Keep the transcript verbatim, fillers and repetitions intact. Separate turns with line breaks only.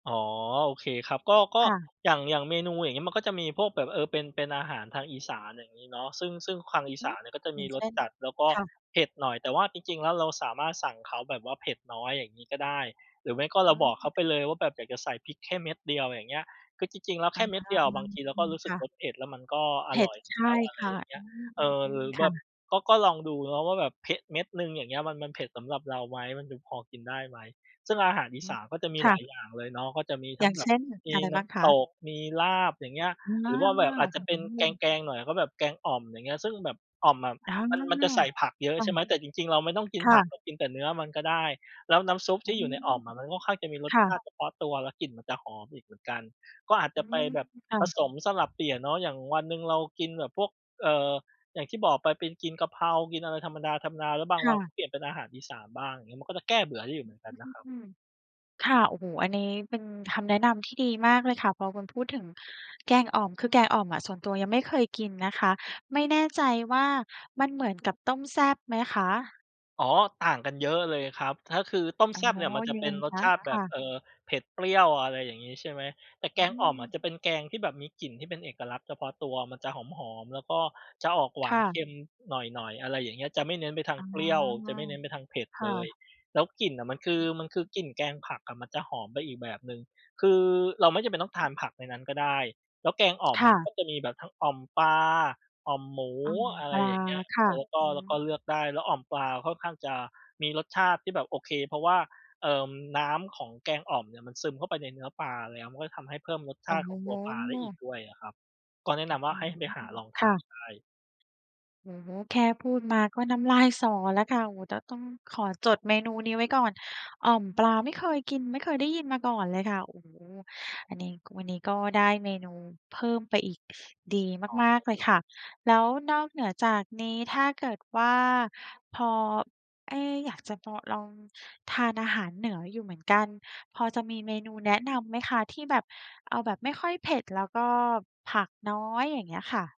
อ๋อ โอเคครับ ก็ ก็
ค่ะ
อย่าง อย่างเมนูอย่างงี้ มันก็จะมีพวกแบบ เออ เป็น เป็นอาหารทางอีสาน อย่างงี้เนาะ ซึ่ง ซึ่งคาง อี
ห
ส
ื
า
อ
นเนี่ย ก็จะ
อ
ม
ย่
ี
าง
ร
เช
ส
่น?
จัดแล้วก็
ค่ะ
เผ็ดหน่อย แต่ว่าจริง ๆ แล้วเราสามารถสั่งเขาแบบว่าเผ็ดน้อย อย่างงี้ก็ได้ หรือไม่ก็เ
อ
รา
ื
บอกเขา
ม
ไปเลยว่าแบบอยากจะใส่พริกแค่เม็ดเดียว อย่างเงี้ย คือจริง ๆ แล้ว แ
อ
ค
า
่เม็ดเดียวอะบางทีเรา
อื
ก็
ม
รู้ส
ค
ึก
่ะ
รสเผ็ด แล้วมันก็อ
เผ็
ร
ด
่อย
ใช
แล
่
้ว อะไร
ค่ะ
อย่างเงี
อ
้
ื
ย เออ หร
ม
ื
ๆ
อ
ๆ ค
แบ
่
บ
ะ
ก็ ก็ลองดูเนาะว่า แบบเพะ เม็ดหนึ่ง อย่างเงี้ย มัน มันเผ็ดสำหรับเราไหม มันจะพอกินได้ไหม ซึ่งอาหารอี
อื
ส
ม
านก็จะมี
ค
ห
่
ลา
ะ
ยอย่างเลยเนาะ ก็จะมีท
อ
ั
ย
้
่
ง
าง
แบ
เช
บ
่น
มี
อะไร
น
บ
้
้างค
ำต
ะ?
ก มีลาบ อย่างเงี้ย
อืม อ
หรือว่าแบ
ื้
บ อ
อ
าจจะเป็น
ฮ
แ
ือ
กง ๆ หน่อย ก็แบบแกงอ่อม อย่างเงี้ย ซึ่งแบบอ่อมอะ
อา
มัน มันจะใส่ผักเยอะ
ค่ะ
ใช่ไหม แต่จริง ๆ เราไม่ต้องกิ
ค
น
่
ผัก เ
ะ
รากินแต่เนื้อมันก็ได้ แล้วน้ำซุป
อ
ท
ื
ี่อยู
ม
่ในอ่อมอะ มันค่อนข้างจะมีร
ค
ส
่
ชา
ะ
ติเฉพาะตัว แล้วกลิ่นมันจะหอมอีกเหมือนกัน ก็อาจ
อ
จ
ื
ะไป
ม
แบบ
ค่
ผ
ะ
สมสลับเปลี่ยนเนาะ อย่างวันหนึ่งเรากินแบบพวก เอ่อ อย่างที่บอกไปเป็นกินกะเพรา กินอะไรธรรมดา ๆ แล้วบา
ค
งว
่
ันก็
ะ
เปลี่ยนเป็นอาหารอีสานบ้าง อย่างเงี้ย มันก็จะแก้เบื่อได้อยู่เหมือนกันนะครับ
อืม ค่ะ โอ้โฮ อันนี้เป็นคำแนะนำที่ดีมากเลยค่ะ พอคุณพูดถึงแกงอ่อม คือแกงอ่อมอะ ส่วนตัวยังไม่เคยกินนะคะ ไม่แน่ใจว่ามันเหมือนกับต้มแซ่บไหมคะ?
อ๋อ ต่างกันเยอะเลยครับ ถ้าคือต้ม
อ
แ
๋อ
ซ่บเนี่ย มันจะ
ยั
เป
งไ
็
ง
นร
ค
ส
ะ?
ชาติ
ค
แบ
่
บ
ะ
เอ่อ เผ็ดเปรี้ยว อะไรอย่างงี้ ใช่ไหม แต่
อ
แก
ื
งอ่อมอะจะ
ม
เป็นแกงที่แบบมีกลิ่น ที่เป็นเอกลักษณ์เฉพาะตัว มันจะหอม ๆ แล้วก็จะ ออกหว
ค
า
่
นเ
ะ
ค็มหน่อย ๆ อะไรอย่างเงี้ย จะไม่เน้นไปทาง
อ๋อ
เปรี้ยว จะไม่เน้นไปทางเผ็ด
ค่
เล
ะ
ย แล้วกลิ่นอะมันคื
อ
อ
ือ
มันคื
ฮ
อ
ึ
กลิ่นแกงผักอะ มันจะหอมไปอีกแบบหนึ่ง คือเราไม่จำเป็นต้องทานผักในนั้นก็ได้ แล้วแกงอ่อม
ค
อ
่
ะมัน
ะ
ก็จะมีแบบทั้งอ่อมปลา อ่อมหมู
อ่อม
อะไ
ป
ร
ลา
อย่างเงี้ย
ค่
เ
ะ
ออ แล้วก็
อื
แล้วก
ม
็เลือกได้ แล้วอ่อมปลาค่อนข้างจะมีรสชาติที่แบบโอเค เพราะว่า เอ่อ น้ำของแกงอ่อมเนี่ย มันซึมเข้าไปในเนื้อปลา แล้วมันก็จะทำให้เพิ่มรสช
โอ้
าติ
โ
ของตัวปลาได้อี
ฮ
กด้วยอะครับ ก็แนะ
อ
น
ื้อ
ำว่
ฮ
า
ื
ให้
อ
ไปหาลองท
ค
า
่ะ
นได้
โอ้โฮ แค่พูดมาก็น้ำลายสอแล้วค่ะ โอ้โฮ จะต้องขอจดเมนูนี้ไว้ก่อน อ่อมปลาไม่เคยกิน ไม่เคยได้ยินมาก่อนเลยค่ะ โอ้โฮ อันนี้ ก วันนี้ก็ได้เมนูเพิ่มไปอีก ดี
อ๋อ
มา
อ
ก
ือ
ๆ เล
ฮ
ย
ึ
ค่ะ แล้วนอกเหนือจากนี้ ถ้าเกิดว่า พอ เอ๊ะ อยากจะพอ ลองทานอาหารเหนืออยู่เหมือนกัน พอจะมีเมนูแนะนำไหมคะ ที่แบบ เอาแบบไม่ค่อยเผ็ด แล้วก็ผักน้อย อย่างเงี้ยค่ะ?